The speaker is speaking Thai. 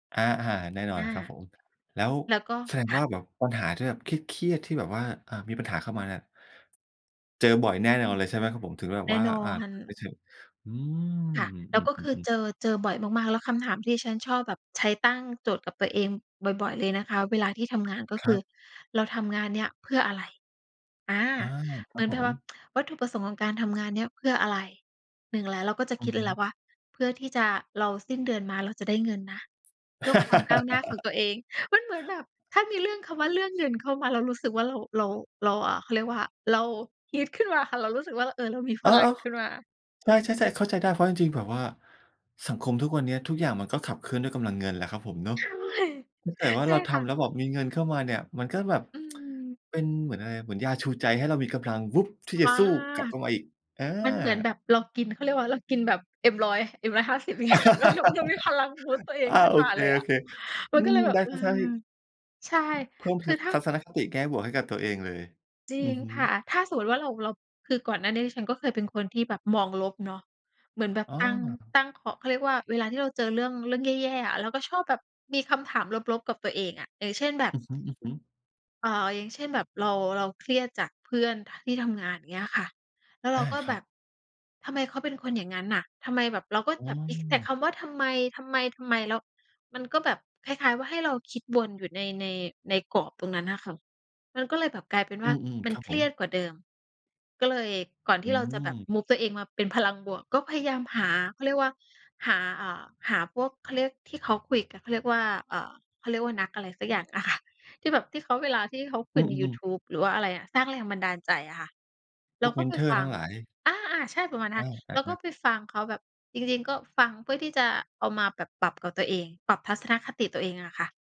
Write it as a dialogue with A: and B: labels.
A: อะ อา แน่นอ
B: อ
A: น
B: า
A: ครับผม แล้ว
B: แล้วก็
A: แสดง
B: ค่
A: ว่
B: ะ
A: าแบบปัญหาที่แบบเครียด ๆ ที่แบบว่า อ่า มีปัญหาเข้ามาเนี่ย เจอบ่อยแน่
B: อื
A: นอน
B: ม
A: เลย ใช่ไหมครับผม ถึงแบบ
B: แน่
A: ว่า
B: นอ
A: อา
B: น
A: กลับไปเถอะ อืม
B: ค่ะ แล
A: อื
B: ้ว
A: ม
B: ก็คือ
A: ๆ ๆ ๆ
B: เจอ เจอบ่อยมาก ๆ แล้วคำถามที่ฉันชอบแบบใช้ตั้งโจทย์กับตัวเองบ่อย ๆ เลยนะคะเวลาที่ทำงาน ก็
A: ค
B: ค
A: ร
B: ื
A: ั
B: อ
A: บ
B: เราทำงานเนี้ยเพื่ออะไร อา
A: อา ค
B: เห
A: ร
B: ม
A: ั
B: ื
A: บ
B: อน
A: ผ
B: แบบว่า
A: ม
B: วัตถุประสงค์ของการทำงานเนี้ยเพื่ออะไร 1 แหละ เราก็จะ
A: อ
B: ค
A: ื
B: ิ
A: อ
B: ดเ
A: ฮ
B: ลยแห
A: ึ
B: ละว่า เพื่อที่จะ เรา สิ้นเดือนมาเราจะได้เงินนะ เพื่อความก้าวหน้าของตัวเอง มันเหมือนแบบ ถ้ามีเรื่อง คำว่าเรื่องเงินเข้ามาเรารู้สึกว่า เรา เรา เรา อ่า เขาเรียกว่า เราฮึดขึ้นมาค่ะ เรารู้สึกว่า เออ เรามี
A: เ
B: พ
A: ออ
B: ลังขึ้นมา
A: ๆ ใช่ ๆ ๆ เข้าใจได้ เพราะจริง ๆ แบบว่าสังคมทุกวันเนี้ย ทุกอย่างมันก็ขับเคลื่อนด้วยกำลังเงินแหละครับผมเนาะ
B: ใช่
A: ถ้าเกิดว่า
B: ใช
A: เร
B: ่
A: าท
B: ค่ะ
A: ำแล้วแบบมีเงินเข้ามาเนี่ย มันก็แบบ
B: อืม
A: เป็นเหมือนอะไร เหมือนยาชูใจให้เรามีกำลัง วุ๊บ ที่จ
B: บ
A: ะ
B: ้า
A: สู้กลับเข้ามาอีก อ
B: มันเหมือน
A: า
B: แบบเรากิน เขาเรียกว่าอะไร เรากินแบบ M100- M150 อย่างเงี้ยค่ะ แล้วเรา เรามีพลัง บูสต์ ตัวเอง
A: อา
B: ขึ้น
A: โอ
B: มา
A: เค
B: เลยอะ ม
A: ๆ อ
B: ั
A: ื
B: นก็เล
A: ม
B: ยแบบ
A: น่า
B: เออ
A: จะใช่
B: ใช่
A: เพิ่ม
B: ค
A: ท
B: ื
A: ั
B: อ
A: ศ
B: ถ้า
A: ทัศนคติแง่บวกให้กับตัวเองเลย
B: จริ
A: อื
B: ง
A: อฮ
B: ค
A: ึ
B: ่ะ ถ้าสมมติว่าเรา เรา คือก่อนหน้านี้ ดิฉันก็เคยเป็นคนที่แบบมองลบเนาะ เหมือนแบบ
A: อ้
B: ตั้ง
A: อ
B: ตั้งของ เขาเรียกว่าเวลาที่เราเจอเรื่อง เรื่องแย่ ๆ อะ เราก็ชอบแบบมีคำถามลบ ๆ กับตัวเองอะ เออ เช่นแบบ
A: อือฮึ ๆ
B: เอ่อ อย่างเช่น แบบเรา เราเครียดจากเพื่อน ท ที่ทำงาน เงี้ยค่ะ แล้วเร
A: อ
B: า
A: า
B: ก็
A: ค
B: แ
A: ร
B: บ
A: ับ
B: บ ทำไมเขาเป็นคนอย่างงั้นน่ะ ทำไมแบบ เราก
A: อ
B: ็
A: ๋
B: แบบ เอ๊ะ แต่
A: อ
B: คำว่าทำไม ทำไม ทำไม แล้วมันก็แบบ คล้าย ๆ ว่า ให้เราคิดวนอยู่ใน ใน ในกรอบตรงนั้นน่ะค่ะ มันก็เลยแบบกลายเป็น
A: อ
B: ว
A: ื
B: ่า
A: ม
B: มั
A: ๆ ค
B: น
A: รับ
B: เค
A: ผ
B: รี
A: ม
B: ยดกว่าเดิม ก็เลยก่อนท
A: อื
B: ี่เราจะแบบ
A: ม
B: move ตัวเองมาเป็นพลังบวก ก็พยายามหา เขาเรียกว่าหา อ่า หาพวก เขาเรียก ที่เขาคุยกัน เขาเรียกว่า อ่า เขาเรียกว่านักอะไรสักอย่างอะ ค่ะ ที่แบบ ที่เขาเวลาที่เขาค
A: อ
B: ุ
A: ื
B: ย
A: อ
B: ใน
A: อ
B: ย
A: ื
B: ู
A: ม
B: ทูบ หรือว่าอะไรอะ สร้างแรงบันดาลใจอะค่ะ เ
A: พ
B: รา
A: วก
B: ก
A: เ
B: ็
A: มน
B: ไป
A: ทอร
B: ฟ
A: ์
B: ั
A: ทั้
B: ง
A: งหลาย
B: อา ๆ ใช่ประมาณนั้น
A: อ
B: ค่ะ เราก็
A: า ๆ ๆ
B: ไปฟังเขาแบบ จริง ๆ ก็ฟังเพื่อที่จะเอามาแบบปรับกับตัวเอง ปรับทัศนคติตัวเองอะค่ะ